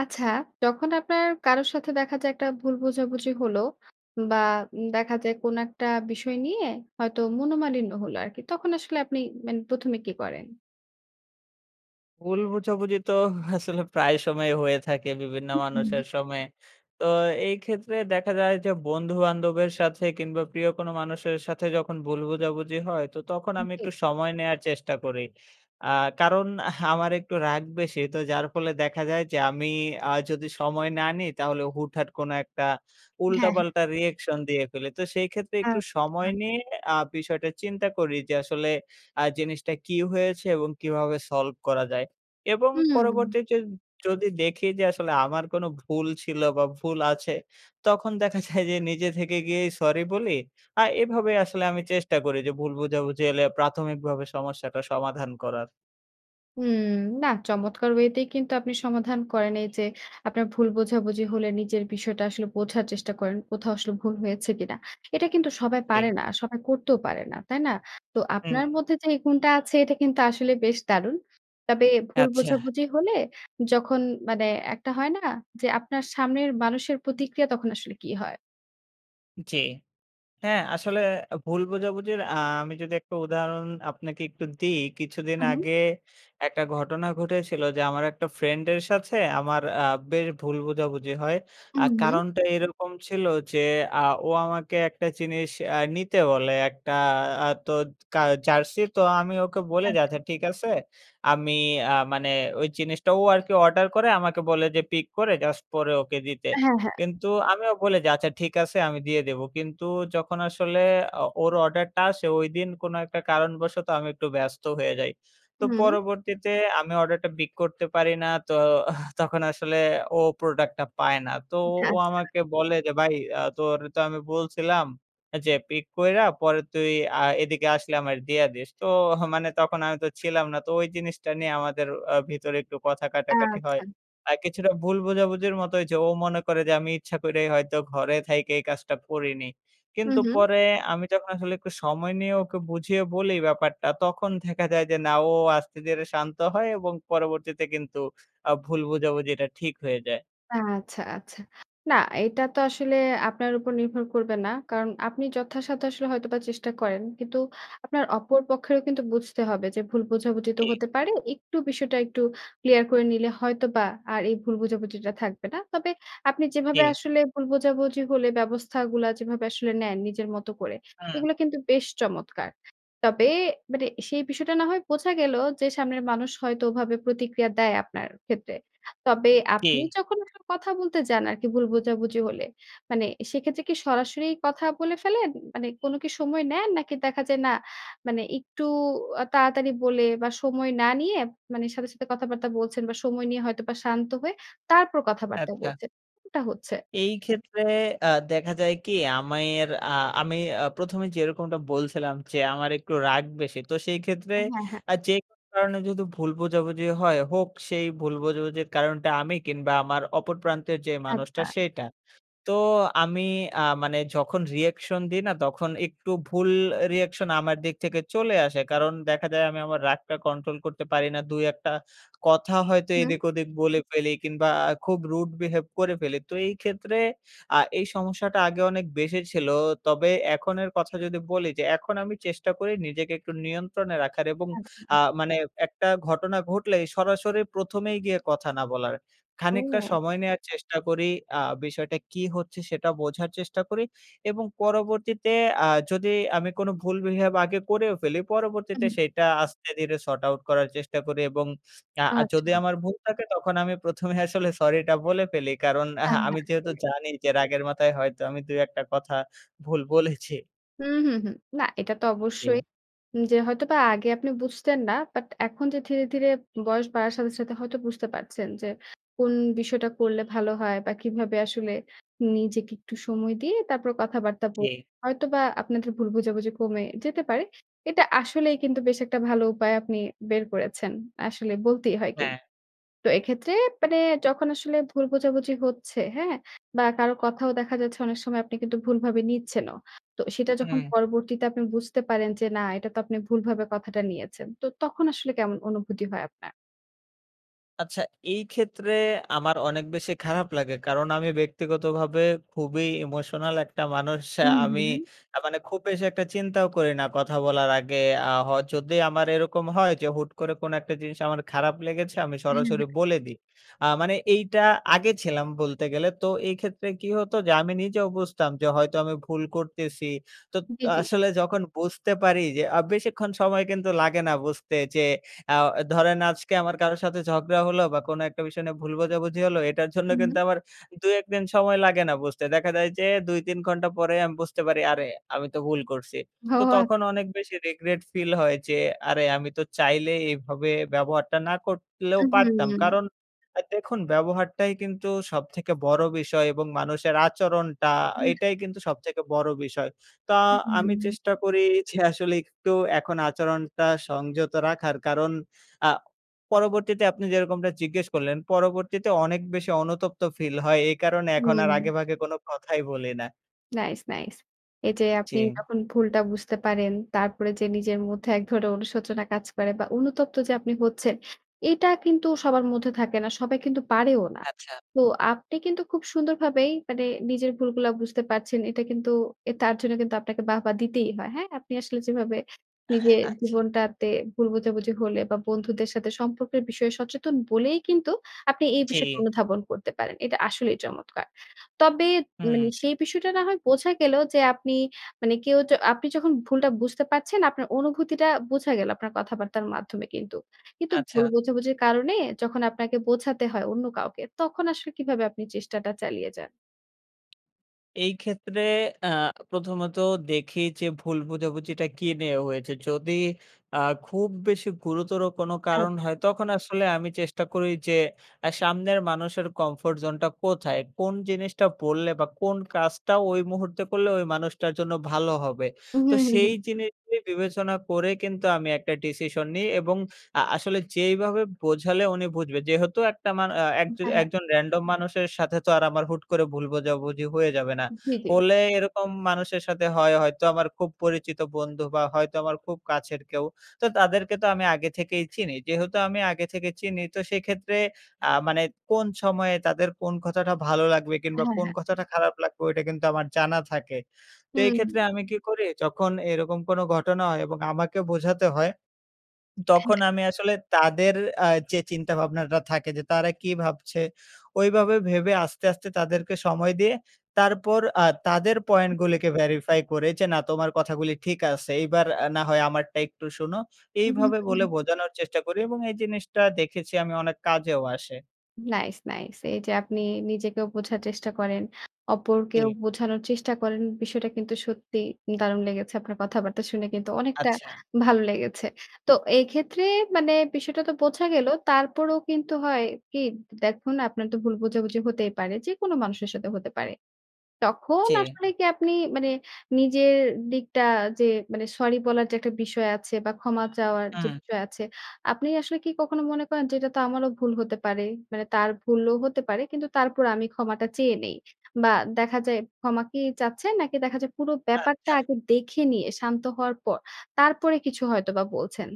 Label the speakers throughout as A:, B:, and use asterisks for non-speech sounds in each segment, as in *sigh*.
A: আচ্ছা, যখন আপনার কারোর সাথে দেখা যায় একটা ভুল বোঝাবুঝি হলো বা উম দেখা যায় কোন একটা বিষয় নিয়ে হয়তো মনোমালিন্য হলো আরকি। তখন আসলে আপনি মানে প্রথমে কী করেন?
B: ভুল বোঝাবুঝি তো *chuckles* আসলে প্রায় সময়ই হয়ে থাকে বিভিন্ন
A: হু, হু।
B: মানুষের সময়ে। তো এই ক্ষেত্রে দেখা যায় যে বন্ধুবান্ধবের সাথে কিংবা প্রিয় কোন মানুষের সাথে যখন ভুল বোঝাবুঝি হয় তো তখন
A: হু,
B: আমি
A: জি।
B: একটু সময় নেয়ার চেষ্টা করি। আ কারণ *chuckles* আমার একটু রাগ বেশি। তো যার ফলে দেখা যায় যে আমি আ যদি সময় না নিই, তাহলে হুটহাট কোন একটা
A: হ্যাঁ, হ্যাঁ।
B: উল্টা-পাল্টা রিঅ্যাকশন দিয়ে ফেলি। তো সেই ক্ষেত্রে একটু
A: আচ্ছা।
B: সময় নিয়ে আ বিষয়টা চিন্তা করি যে আসলে আ জিনিসটা কী হয়েছে এবং কীভাবে সলভ করা যায়। এবং
A: হুম।
B: পরবর্তীতে যদি দেখি যে আসলে আমার কোনো ভুল ছিল বা ভুল আছে, তখন দেখা যায় যে নিজে থেকে গিয়েই সরি বলি। আর এভাবেই আসলে আমি চেষ্টা করি যে ভুল বোঝাবুঝি এলে প্রাথমিকভাবে সমস্যাটা সমাধান করার।
A: হুম। না চমৎকার ওয়েতেই কিন্তু আপনি সমাধান করেন। এইযে আপনার ভুল বোঝাবুঝি হলে নিজের বিষয়টা আসলে বোঝার চেষ্টা করেন। কোথাও আসলে ভুল হয়েছে কিনা। এ এটা কিন্তু সবাই
B: জি।
A: পারে না সবাই করতেও পারে না, তাই না? তো আপনার
B: হুম।
A: মধ্যে যেই গুণটা আছে এটা কিন্তু আসলে বেশ দারুণ। তবে ভুল
B: আচ্ছা।
A: বোঝাবুঝি হলে যখন মানে একটা হয় না যে আপনার সামনের মানুষের প্রতিক্রিয়া তখন আসলে কী হয়?
B: জ্বি। হ্যাঁ আসলে ভুল বোঝাবুঝির আ আমি যদি একটা উদাহরণ আপনাকে একটু দিই, কিছুদিন
A: হুম, হুম।
B: আগে একটা ঘটনা ঘটেছিল। যে আমার একটা ফ্রেন্ডের সাথে আমার আ বেশ ভুল বোঝাবুঝি হয়।
A: হুম,
B: আর
A: হুম।
B: কারণটা এরকম ছিল যে, আ ও আমাকে একটা জিনিস আ নিতে বলে। একটা আ তো কা জার্সি, তো আমি ওকে বলি যে
A: আচ্ছা।
B: আচ্ছা ঠিক আছে। আমি আ মানে ওই জিনিসটা ও আরকি অর্ডার করে আমাকে বলে যে, পিক করে জাস্ট, পরে ওকে দিতে।
A: হ্যাঁ, হ্যাঁ।
B: কিন্তু আমিও বলি, যে আচ্ছা ঠিক আছে আমি দিয়ে দেব। কিন্তু যখন আসলে অ ওর অর্ডারটা আসে। ওইদিন কোনো একটা কারণবশত আমি একটু ব্যস্ত হয়ে যাই। তো
A: হুম।
B: পরবর্তীতে আমি অর্ডারটা পিক করতে পারি না। তো *scoffs* তখন আসলে ও প্রোডাক্টটা পায় না। তো ও
A: আচ্ছা।
B: আমাকে বলে যে, "ভাই আ তোরে তো আমি বলছিলাম। যে পিক কইরা, পরে তুই আ এদিকে আসলে আমারে দিয়া দিস।" তো *scoffs* মানে তখন আমি তো ছিলাম না। তো ওই জিনিসটা নিয়ে আমাদের আ ভিতরে একটু কথা কাটাকাটি হয়।
A: আচ্ছা।
B: আর কিছুটা ভুল বোঝাবুঝির মতো হয়েছে। ও মনে করে যে আমি ইচ্ছা করেই হয়তো ঘরে থাইকা এই কাজটা করিনি।
A: হুম,
B: কিন্তু
A: হুম।
B: পরে আমি যখন আসলে একটু সময় নিয়ে ওকে বুঝিয়ে বলি ব্যাপারটা, তখন দেখা যায় যে না ও আস্তে ধীরে শান্ত হয় এবং পরবর্তীতে কিন্তু আ ভুল বোঝাবুঝিটা ঠিক হয়ে যায়।
A: আচ্ছা, আচ্ছা। না এটা তো আসলে আপনার উপর নির্ভর করবে না। কারণ আপনি যথাসাধ্য আসলে হয়তোবা চেষ্টা করেন। কিন্তু আপনার অপর পক্ষেরও কিন্তু বুঝতে হবে, যে ভুল বোঝাবুঝি তো
B: জি।
A: হতে পারে। একটু বিষয়টা একটু ক্লিয়ার করে নিলে হয়তোবা আর এই ভুল বোঝাবুঝিটা থাকবে না। তবে আপনি যেভাবে
B: জি।
A: আসলে ভুল বোঝাবুঝি হলে, ব্যবস্থাগুলা যেভাবে আসলে নেন, নিজের মত করে।
B: হুম।
A: এগুলো কিন্তু বেশ চমৎকার। তবে মানে সেই বিষয়টা না হয় বোঝা গেল। যে সামনের মানুষ হয়তো ওভাবে প্রতিক্রিয়া দেয় আপনার ক্ষেত্রে। তবে আপনি
B: জি।
A: যখন আসলে কথা বলতে যান আরকি ভুল বোঝাবুঝি হলে, মানে সেক্ষেত্রে কি সরাসরি কথা বলে ফেলেন? মানে কোনো কি সময় নেন? নাকি দেখা যায় না মানে একটু আ তাড়াতাড়ি বলে বা সময় না নিয়ে মানে সাথে, সাথে কথাবার্তা বলছেন বা সময় নিয়ে হয়তোবা শান্ত হয়ে তারপর কথাবার্তা
B: আচ্ছা।
A: বলছেন, এটা হচ্ছে?
B: এই ক্ষেত্রে আ দেখা যায় কি? আমির আ আমি আ প্রথমে যেরকমটা বলছিলাম যে। আমার একটু রাগ বেশি। তো সেই ক্ষেত্রে
A: হ্যাঁ, হ্যাঁ।
B: আ যেকোনো কারণে যদি ভুল বোঝাবুঝিও হয়, হোক। সেই ভুল বোঝাবুঝির কারণটা আমি কিংবা আমার অপর প্রান্তের যে মানুষটা
A: আচ্ছা।
B: সেইটা। তো আমি আ মানে যখন রিঅ্যাকশন দিই না তখন একটু ভুল রিঅ্যাকশন আমার দিক থেকে চলে আসে। কারণ দেখা যায় আমি আমার রাগটা কন্ট্রোল করতে পারি না। দুই একটা কথা হয়তো
A: হুম।
B: এদিক-ওদিক বলে ফেলি কিংবা খুব rude behave করে ফেলি। তো এই ক্ষেত্রে আ এই সমস্যাটা আগে অনেক বেশি ছিল। তবে এখনের কথা যদি বলি, যে এখন আমি চেষ্টা করি নিজেকে একটু নিয়ন্ত্রণে রাখার এবং আ
A: আচ্ছা।
B: মানে একটা ঘটনা ঘটলেই সরাসরি প্রথমেই গিয়ে কথা না বলার। খানিকটা
A: ও!
B: সময় নেয়ার চেষ্টা করি। আ বিষয়টা কী হচ্ছে? সেটা বোঝার চেষ্টা করি এবং পরবর্তীতে আ যদি আমি কোনো ভুল বিহেভ আগে করেও ফেলি, পরবর্তীতে
A: হুম।
B: সেইটা আস্তে ধীরে sort out করার চেষ্টা করি এবং আর যদি
A: আচ্ছা।
B: আমার ভুল থাকে, তখন আমি প্রথমে আসলে সরিটা বলে ফেলি। কারণ
A: হ্যাঁ,
B: আমি
A: হ্যাঁ।
B: যেহেতু
A: জি।
B: জানি যে রাগের মাথায় হয়তো আমি দুই একটা কথা ভুল বলেছি।
A: হুম, হুম, হুম। না এটা তো
B: জি।
A: অবশ্যই। উম যে হয়তোবা আগে আপনি বুঝতেন না। বাট, এখন যে ধীরে, ধীরে বয়স বাড়ার সাথে, সাথে হয়তো বুঝতে পারছেন। যে কোন বিষয়টা করলে ভালো হয় বা কিভাবে আসলে নিজেকে একটু সময় দিয়ে তারপর কথাবার্তা বলেন।
B: জি।
A: হয়তোবা আপনাদের ভুল বোঝাবুঝি কমে যেতে পারে। এটা আসলেই কিন্তু বেশ একটা ভালো উপায় আপনি বের করেছেন। আসলে বলতেই হয় কিন্তু।
B: হ্যাঁ।
A: তো এক্ষেত্রে মানে যখন আসলে ভুল বোঝাবুঝি হচ্ছে হ্যাঁ? বা কারো কথাও দেখা যাচ্ছে অনেক সময় আপনি কিন্তু ভুলভাবে নিচ্ছেনও। তো সেটা যখন
B: হুম।
A: পরবর্তীতে আপনি বুঝতে পারেন, যে না এটা তো আপনি ভুলভাবে কথাটা নিয়েছেন। তো তখন আসলে কেমন অনুভূতি হয় আপনার?
B: আচ্ছা এই ক্ষেত্রে, আমার অনেক বেশি খারাপ লাগে। কারণ আমি ব্যক্তিগতভাবে খুবই ইমোশনাল একটা মানুষ। আ
A: হুম,
B: আমি
A: হুম।
B: আ মানে খুব বেশি একটা চিন্তাও করি না কথা বলার আগে। আ হ যদি আমার এরকম হয় যে হুট করে কোন একটা জিনিস আমার খারাপ লেগেছে, আমি
A: হ্যাঁ,
B: সরাসরি
A: হ্যাঁ।
B: বলে দিই। আ মানে এইটা আগে ছিলাম বলতে গেলে। তো এই ক্ষেত্রে কি হতো, যে আমি নিজেও বুঝতাম যে হয়তো আমি ভুল করতেসি। তো, ত
A: জি, জি।
B: আসলে যখন বুঝতে পারি যে আ বেশিক্ষণ সময় কিন্তু লাগে না বুঝতে। যে আও এ ধরেন আজকে আমার কারো সাথে ঝগড়া হলো বা কোনো একটা বিষয় নিয়ে ভুল বোঝাবুঝি হলো, এটার জন্য *scoffs*
A: হুম।
B: কিন্তু আমার ২-১ দিন সময় লাগে না বুঝতে। দেখা যায় যে ২-৩ ঘন্টা পরেই আমি বুঝতে পারি "আরে! আমি তো ভুল করছি।"
A: ও
B: তো
A: আ
B: তখন অনেক বেশি regret ফিল হয় যে "আরে আমি তো চাইলেই এভাবে ব্যবহারটা না করলেও
A: উ
B: পারতাম।"
A: হুম।
B: কারণ আ দেখুন, ব্যবহারটাই কিন্তু সবথেকে বড়ো বিষয় এবং মানুষের আচরণটা,
A: হুময়া
B: এটাই কিন্তু সবথেকে বড়ো বিষয়। তো,
A: উ
B: আমি
A: হুম।
B: চেষ্টা করি যে আসলে *scoffs* একটু এখন আচরণটা সংযত রাখার। কারণ আ পরবর্তীতে আপনি যেরকমটা জিজ্ঞেস করলেন, পরবর্তীতে অনেক বেশি অনুতপ্ত ফিল হয়। এই কারণে এখন আর
A: হুম।
B: আগেভাগে কোনো কথাই বলি না।
A: Nice, nice. এই যে আপনি
B: জি।
A: যখন ভুলটা বুঝতে পারেন, তারপরে যে নিজের মধ্যে এক ধরনের অনুশোচনা কাজ করে বা অনুতপ্ত যে আপনি হচ্ছেন। এইটা কিন্তু সবার মধ্যে থাকে না, সবাই কিন্তু পারেও না।
B: আচ্ছা।
A: তো আপনি কিন্তু খুব সুন্দরভাবেই মানে নিজের ভুলগুলা বুঝতে পারছেন। এটা কিন্তু, এ তার জন্য কিন্তু আপনাকে বাহবা দিতেই হয়, হ্যাঁ? আপনি আসলে যেভাবে নিজের
B: আচ্ছা।
A: জীবনটাতে ভুল বুঝাবুঝি হলে বা বন্ধুদের সাথে সম্পর্কের বিষয়ে সচেতন বলেই কিন্তু আপনি এই বিষয়টা
B: জি।
A: অনুধাবন করতে পারেন। এটা আসলেই চমৎকার। তবে
B: হুম।
A: মানে সেই বিষয়টা না হয় বোঝা গেলো যে আপনি মানে কেউ য আপনি যখন ভুলটা বুঝতে পারছেন, আপনার অনুভূতিটা বোঝা গেল আপনার কথাবার্তার মাধ্যমে কিন্তু। কিন্তু ভুল
B: আচ্ছা।
A: বোঝাবুঝির কারণে যখন আপনাকে বোঝাতে হয় অন্য কাউকে, তখন আসলে কিভাবে আপনি চেষ্টাটা চালিয়ে যান?
B: এই ক্ষেত্রে আ প্রথমত দেখি যে ভুল বোঝাবুঝিটা কী নিয়ে হয়েছে? যদি আ খুব বেশি গুরুতর কোনো কারণ
A: আচ্ছা।
B: হয় তখন আসলে আমি চেষ্টা করি যে আ সামনের মানুষের কমফোর্ট জোনটা কোথায়? কোন জিনিসটা বললে? বা কোন কাজটা ঐ মুহূর্তে করলে ঐ মানুষটার জন্য ভালো হবে? তো
A: উম-হুম, হুম,
B: সেই
A: হুম।
B: জিনিসটি বিবেচনা করে কিন্তু আমি একটা ডিসিশন নিই এবং আ আসলে যেইভাবে বোঝালে উনি বুঝবে। যেহেতু একটা মানু আ
A: উম হ্যাঁ, হ্যাঁ।
B: একজন রেন্ডম মানুষের সাথে তো আর আমার হুট করে ভুল বোঝাবুঝি হয়ে যাবে না।
A: জি, জি।
B: হলে এরকম মানুষের সাথে হয় হয়তো আমার খুব পরিচিত বন্ধু বা হয়তো আমার খুব কাছের কেউ। তো তাদেরকে তো আমি আগে থেকেই চিনি। যেহেতু আমি আগে থেকে চিনি তো সেক্ষেত্রে আ মানে কোন সময়ে তাদের কোন কথাটা ভালো লাগবে? কিংবা
A: হ্যাঁ,
B: কোন
A: হ্যাঁ।
B: কথাটা খারাপ লাগবে? ঐটা কিন্তু আমার জানা থাকে তো এই
A: হুম।
B: ক্ষেত্রে আমি কি করি? যখন এরকম কোনো ঘটনা হয় এবং আমাকে বোঝাতে হয় *swallows* তখন
A: *chuckles*
B: আমি আসলে তাদের আ যে চিন্তাভাবনাটা থাকে যে তারা কি ভাবছে? ঐভাবে ভেবে আস্তে, আস্তে তাদেরকে সময় দিয়ে তারপর আ তাদের পয়েন্টগুলিকে verify করে যে না "তোমার কথাগুলি ঠিক আছে এইবার আ না হয় আমারটা একটু শোনো।"
A: উম-হুম,
B: এইভাবে বলে
A: উম-হুম।
B: বোঝানোর চেষ্টা করি এবং এই জিনিসটা দেখেছি আমি অনেক কাজেও আসে।
A: Nice, nice. এই যে আপনি নিজেকেও বোঝার চেষ্টা করেন, অপরকেও
B: জি।
A: বোঝানোর চেষ্টা করেন। বিষয়টা কিন্তু সত্যি দারুণ লেগেছে। আপনার কথাবার্তা শুনে কিন্তু অনেকটা
B: আচ্ছা।
A: ভালো লেগেছে। তো এইক্ষেত্রে মানে বিষয়টা তো বোঝা গেল। তারপরও কিন্তু হয় কি দ দেখুন আপনার তো ভুল বোঝাবুঝি হতেই পারে। যেকোনো মানুষের সাথে হতে পারে। তখন
B: জি।
A: আসলে কি আপনি মানে নিজের দিকটা যে মানে সরি বলার যে একটা বিষয় আছে বা ক্ষমা চাওয়ার যে
B: হুম।
A: বিষয় আছে। আপনি আসলে কি কখনো মনে করেন যে এটা তো আমারও ভুল হতে পারে? মানে তার ভুলও হতে পারে। কিন্তু তারপরও আমি ক্ষমাটা চেয়ে নেই। বা দেখা যায় ক্ষমা কি চাচ্ছেন? নাকি দেখা যায় পুরো ব্যাপারটা
B: আচ্ছা।
A: আগে দেখে নিয়ে শান্ত হওয়ার পর, তারপরে কিছু হয়তোবা বলছেন?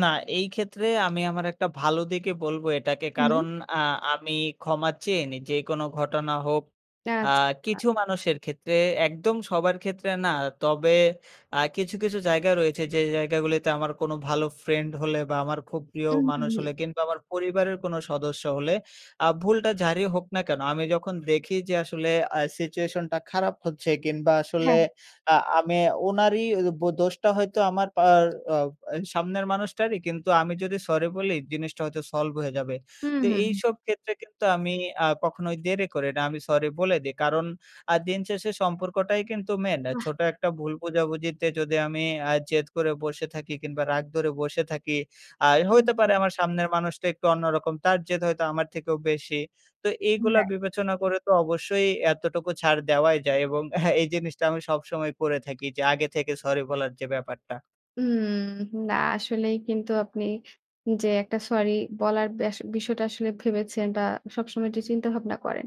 B: না। এই ক্ষেত্রে আমি আমার একটা ভালো দিকই বলবো এটাকে।
A: হুম।
B: কারণ আ আমি ক্ষমা চেয়ে নেই, যে কোনও ঘটনা হোক। আ
A: আচ্ছা।
B: কিছু মানুষের ক্ষেত্রে, একদম সবার ক্ষেত্রে না। তবে আ কিছু, কিছু জায়গা রয়েছে যে জায়গাগুলিতে আমার কোনো ভালো ফ্রেন্ড হলে বা আমার খুব প্রিয়
A: উম হু,
B: মানুষ
A: হু।
B: হলে কিংবা আমার পরিবারের কোনো সদস্য হলে আ ভুলটা যারই হোক না কেন, আমি যখন দেখি যে আসলে আ সিচুয়েশনটা খারাপ হচ্ছে কিংবা আসলে
A: হ্যাঁ।
B: আ আমি ওনারই ওই ও বো দোষটা হয়তো আমার পার আ অ্যা সামনের মানুষটারই। কিন্তু আমি যদি সরি বলি জিনিসটা হয়তো সলভ হয়ে যাবে।
A: হু,
B: তো
A: হুম।
B: এইসব ক্ষেত্রে কিন্তু আমি আ কখনোই দেরি করি না, আমি সরি বলে দেই। কারণ আ দিন শেষে সম্পর্কটাই কিন্তু মেইন। আ
A: উ বাহ!
B: ছোট একটা ভুল বুঝাবুঝিতে যদি আমি অ্যা জেদ করে বসে থাকি কিংবা রাগ ধরে বসে থাকি। আই
A: হু,
B: হইতে পারে
A: হু।
B: আমার সামনের মানুষটা একটু অন্যরকম, তার জেদ হয়তো আমার থেকেও বেশি। তো
A: উম
B: এইগুলা
A: হ্যাঁ।
B: বিবেচনা করে তো অবশ্যই এতটুকু ছাড় দেওয়াই যায়। এবং হ্যাঁ এই জিনিসটা আমি সবসময় করে থাকি যে আগে থেকে সরি বলার যে ব্যাপারটা।
A: হুম। না আসলেই কিন্তু আপনি যে একটা সরি বলার ব্যাস বিষয়টা আসলে ভেবেছেন বা সবসময় যে চিন্তাভাবনা করেন।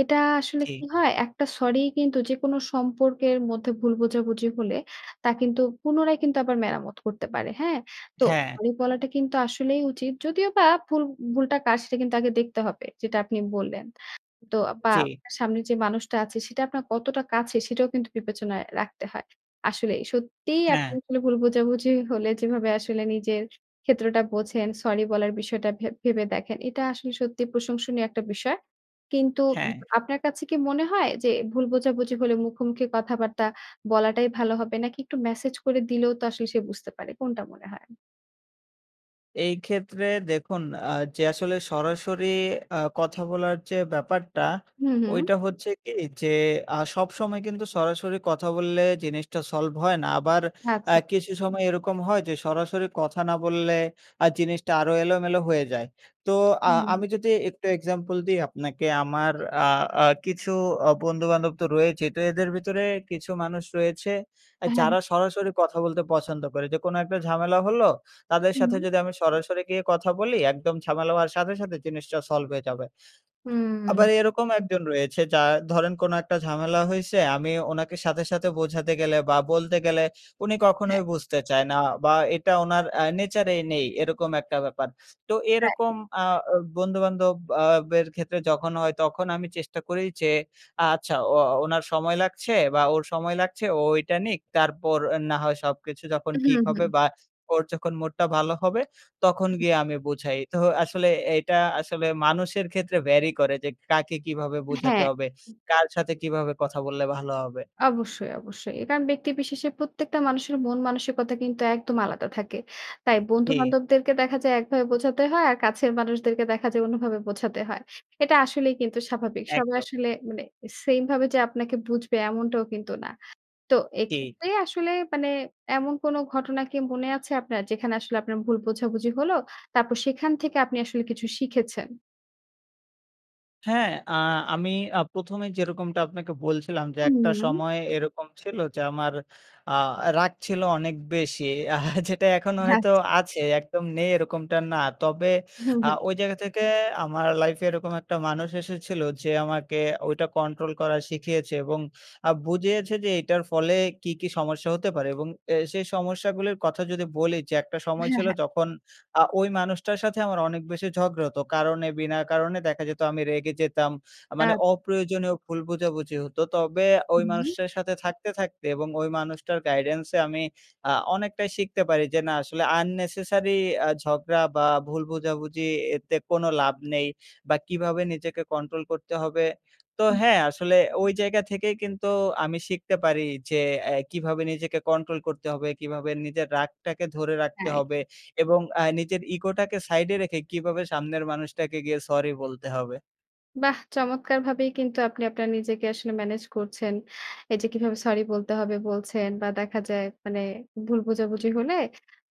A: এটা আসলে কি
B: জি।
A: হয়? একটা সরিই কিন্তু যেকোনো সম্পর্কের মধ্যে ভুল বোঝাবুঝি হলে, তা কিন্তু পুনরায় কিন্তু আবার মেরামত করতে পারে। হ্যাঁ? তো
B: হ্যাঁ।
A: সরি বলাটা কিন্তু আসলেই উচিত। যদিওবা ভুল ভুলটা কার, সেটা কিন্তু আগে দেখতে হবে। যেটা আপনি বললেন। তো বা
B: জি।
A: আপনার সামনে যে মানুষটা আছে, সেটা আপনার কতটা কাছের, সেটাও কিন্তু বিবেচনায় রাখতে হয়। আসলেই সত্যিই আপনি
B: হ্যাঁ।
A: আসলে ভুল বোঝাবুঝি হলে, যেভাবে আসলে নিজের ক্ষেত্রটা বোঝেন, সরি বলার বিষয়টা ভেব ভেবে দেখেন। এটা আসলে সত্যিই প্রশংসনীয় একটা বিষয়। কিন্তু
B: হ্যাঁ।
A: আপনার কাছে কি মনে হয়? যে ভুল বোঝাবুঝি হলে মুখোমুখি কথাবার্তা বলাটাই ভালো হবে? নাকি একটু মেসেজ করে দিলেও তো আসলে সে বুঝতে পারে। কোনটা মনে হয়?
B: এই ক্ষেত্রে দেখুন আ যে আসলে সরাসরি আ কথা বলার যে ব্যাপারটা।
A: হুম, হুম।
B: ওইটা হচ্ছে কি? যে আ সবসময় কিন্তু সরাসরি কথা বললে জিনিসটা সলভ হয় না। আবার আ
A: আচ্ছা।
B: কিছু সময় এরকম হয় যে, সরাসরি কথা না বললে আ জিনিসটা আরো এলোমেলো হয়ে যায়। তো আ
A: হুম।
B: আমি যদি একটু এক্সাম্পল দিই আপনাকে। আমার আ আ কিছু অ বন্ধু-বান্ধব তো রয়েছেই। তো এদের ভেতরে কিছু মানুষ রয়েছে, এ
A: হ্যাঁ, হ্যাঁ।
B: যারা সরাসরি কথা বলতে পছন্দ করে। যেকোনো একটা ঝামেলা হলো তাদের
A: হুম।
B: সাথে যদি আমি সরাসরি গিয়ে কথা বলি, একদম ঝামেলা হওয়ার সাথে, সাথে জিনিসটা সলভ হয়ে যাবে। আবার
A: হুম।
B: এরকম একজন রয়েছে, যার ধরেন কোন একটা ঝামেলা হইছে। আমি ওনাকে সাথে, সাথে বোঝাতে গেলে বা বলতে গেলে উনি
A: হ্যাঁ।
B: কখনোই বুঝতে চায় না। বা এটা উনার আ নেচার এই নেই। এরকম একটা ব্যাপার। তো এরকম
A: রাইট।
B: আ অ বন্ধু-বান্ধব আ বের ক্ষেত্রে যখন হয়, তখন আমি চেষ্টা করি যে আচ্ছা ও ওনার সময় লাগছে বা ওর সময় লাগছে ও ঐটা নিক। তারপর না হয় সবকিছু যখন
A: হুম,
B: ঠিক
A: হুম।
B: হবে বা ওর যখন মুড টা ভালো হবে, তখন গিয়ে আমি বুঝাই। তো আসলে এইটা আসলে মানুষের ক্ষেত্রে vary করে, যে কাকে কিভাবে বোঝাতে
A: হ্যাঁ।
B: হবে?
A: হুম।
B: কার সাথে কিভাবে কথা বললে ভালো হবে?
A: অবশ্যই, অবশ্যই। কারণ ব্যক্তিবিশেষে প্রত্যেকটা মানুষের মন মানসিকতা কিন্তু একদম আলাদা থাকে। তাই
B: জি।
A: বন্ধু-বান্ধবদেরকে দেখা যায় একভাবে বোঝাতে হয়। আর কাছের মানুষদেরকে দেখা যায় অন্যভাবে বোঝাতে হয়। এটা আসলেই কিন্তু স্বাভাবিক। সবাই
B: একদম।
A: আসলে মানে সেইম ভাবে যে আপনাকে বুঝবে এমনটাও কিন্তু না। তো
B: জি।
A: এক্ষেত্রে আসলে মানে এমন কোন ঘটনা কি মনে আছে আপনার? যেখানে আসলে আপনার ভুল বোঝাবুঝি হলো? তারপর সেখান থেকে আপনি আসলে কিছু শিখেছেন?
B: হ্যাঁ, আ আমি আ প্রথমে যেরকমটা আপনাকে বলছিলাম যে
A: হুম,
B: একটা
A: হুম।
B: সময় এরকম ছিল যে আমার আ রাগ ছিল অনেক বেশি আ যেটা এখনো
A: আচ্ছা।
B: হয়তো আছে। একদম নেই এরকমটা না। তবে
A: হুম,
B: আ
A: হুম।
B: ওই জায়গা থেকে আমার লাইফে এরকম একটা মানুষ এসেছিল যে আমাকে ওইটা কন্ট্রোল করা শিখিয়েছে এবং আ বুঝিয়েছে যে এটার ফলে কী, কী সমস্যা হতে পারে? এবং এ সেই সমস্যাগুলির কথা যদি বলি, যে একটা সময়
A: হ্যাঁ,
B: ছিল
A: হ্যাঁ।
B: যখন আ ওই মানুষটার সাথে আমার অনেক বেশি ঝগড়া হত কারণে বিনা কারণে। দেখা যেত আমি রেগে যেতাম আ মানে
A: আ
B: অপ্রয়োজনীয় ভুল বোঝাবুঝি হত। তবে ওই
A: উম-হুম।
B: মানুষটার সাথে থাকতে, থাকতে এবং ওই মানুষটার guidance এ আমি আ অনেকটাই শিখতে পারি যে না আসলে unnecessary আ ঝগড়া বা ভুল বোঝাবুঝি এতে কোনো লাভ নেই। বা কীভাবে নিজেকে কন্ট্রোল করতে হবে? তো
A: উম।
B: হ্যাঁ আসলে ওই জায়গা থেকেই কিন্তু আমি শিখতে পারি যে এ কীভাবে নিজেকে কন্ট্রোল করতে হবে? কীভাবে নিজের রাগটাকে ধরে রাখতে
A: তাই?
B: হবে? এবং আ নিজের ইগোটাকে সাইডে রেখে কীভাবে সামনের মানুষটাকে গিয়ে সরি বলতে হবে?
A: বাহ! চমৎকারভাবেই কিন্তু আপনি আপনার নিজেকে আসলে ম্যানেজ করছেন। এই যে কিভাবে সরি বলতে হবে? বলছেন। বা দেখা যায়, মানে ভুল বোঝাবুঝি হলে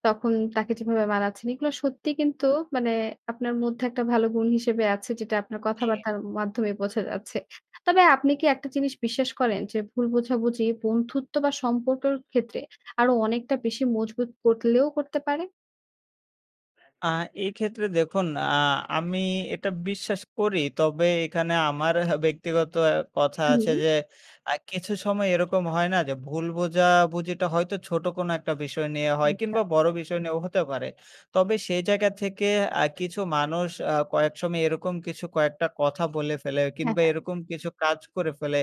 A: তখন তাকে কিভাবে মানাচ্ছেন? এগুলো সত্যি কিন্তু মানে আপনার মধ্যে একটা ভালো গুণ হিসেবে আছে। যেটা আপনার
B: জি।
A: কথাবার্তার মাধ্যমে বোঝা যাচ্ছে। তবে, আপনি কি একটা জিনিস বিশ্বাস করেন? যে ভুল বোঝাবুঝি বন্ধুত্ব বা সম্পর্কের ক্ষেত্রে আরো অনেকটা বেশি মজবুত করলেও করতে পারে?
B: আ এক্ষেত্রে দেখুন আ আমি এটা বিশ্বাস করি। তবে এখানে আমার ব্যক্তিগত কথা আছে,
A: উম।
B: যে আ কিছু সময় এরকম হয় না যে, ভুল বোঝাবুঝিটা হয়তো ছোট কোনো একটা বিষয় নিয়ে হয়
A: আচ্ছা।
B: কিংবা বড় বিষয় নিয়েও হতে পারে। তবে সেই জায়গা থেকে, আ কিছু মানুষ আ কয়েক সময় এরকম কিছু কয়েকটা কথা বলে ফেলে,
A: হ্যাঁ,
B: কিংবা
A: হ্যাঁ।
B: এরকম কিছু কাজ করে ফেলে,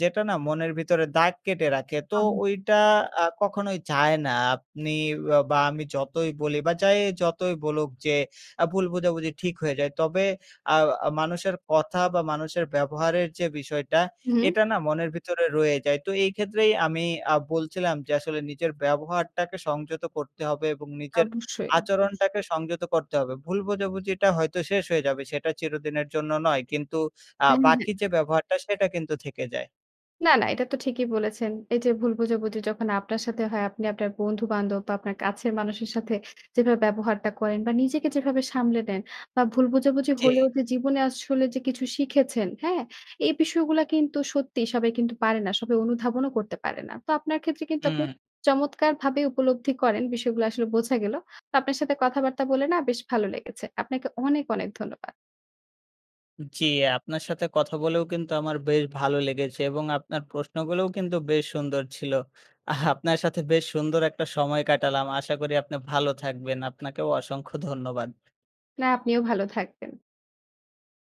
B: যেটা না মনের ভিতরে দাগ কেটে রাখে। তো
A: ওহ।
B: ওইটা আ কখনোই যায় না, আপনি আ বা আমি যতই বলি বা যাই যতই বলুক, যে আ ভুল বোঝাবুঝি ঠিক হয়ে যায়। তবে আ মানুষের কথা বা মানুষের ব্যবহারের যে বিষয়টা,
A: উম-হুম।
B: এটা না মনের ভিতরে রয়েই যায়। তো এই ক্ষেত্রেই আমি আ বলছিলাম যে আসলে, নিজের ব্যবহারটাকে সংযত করতে হবে এবং নিজের
A: অবশ্যই।
B: আচরণটাকে সংযত করতে হবে। ভুল বোঝাবুঝিটা হয়তো শেষ হয়ে যাবে সেটা চিরদিনের জন্য নয়, কিন্তু আ
A: হ্যাঁ,
B: বাকি
A: হ্যাঁ।
B: যে ব্যবহারটা সেটা কিন্তু থেকে যায়।
A: না, না এটা তো ঠিকই বলেছেন। এই যে ভুল বোঝাবুঝি, যখন আপনার সাথে হয়, আপনি আপনার বন্ধু বান্ধব বা আপনার কাছের মানুষের সাথে যেভাবে ব্যবহারটা করেন বা নিজেকে যেভাবে সামলে নেন বা ভুল বোঝাবুঝি
B: জি।
A: হলেও যে জীবনে আসলে যে কিছু শিখেছেন হ্যা? এই বিষয়গুলো কিন্তু সত্যি সবাই কিন্তু পারে না। সবাই অনুধাবনও করতে পারে না। তো আপনার ক্ষেত্রে কিন্তু আপনি
B: হুম।
A: চমৎকারভাবে উপলব্ধি করেন। বিষয়গুলো আসলে বোঝা গেলো। তো, আপনার সাথে কথাবার্তা বলে না বেশ ভালো লেগেছে। আপনাকে অনেক, অনেক ধন্যবাদ।
B: জি, আপনার সাথে কথা বলেও কিন্তু আমার বেশ ভালো লেগেছে এবং আপনার প্রশ্নগুলোও কিন্তু বেশ সুন্দর ছিল। *chuckles* আপনার সাথে বেশ সুন্দর একটা সময় কাটালাম। আশা করি আপনি ভালো থাকবেন। আপনাকেও অসংখ্য ধন্যবাদ।
A: না আপনিও ভালো থাকবেন।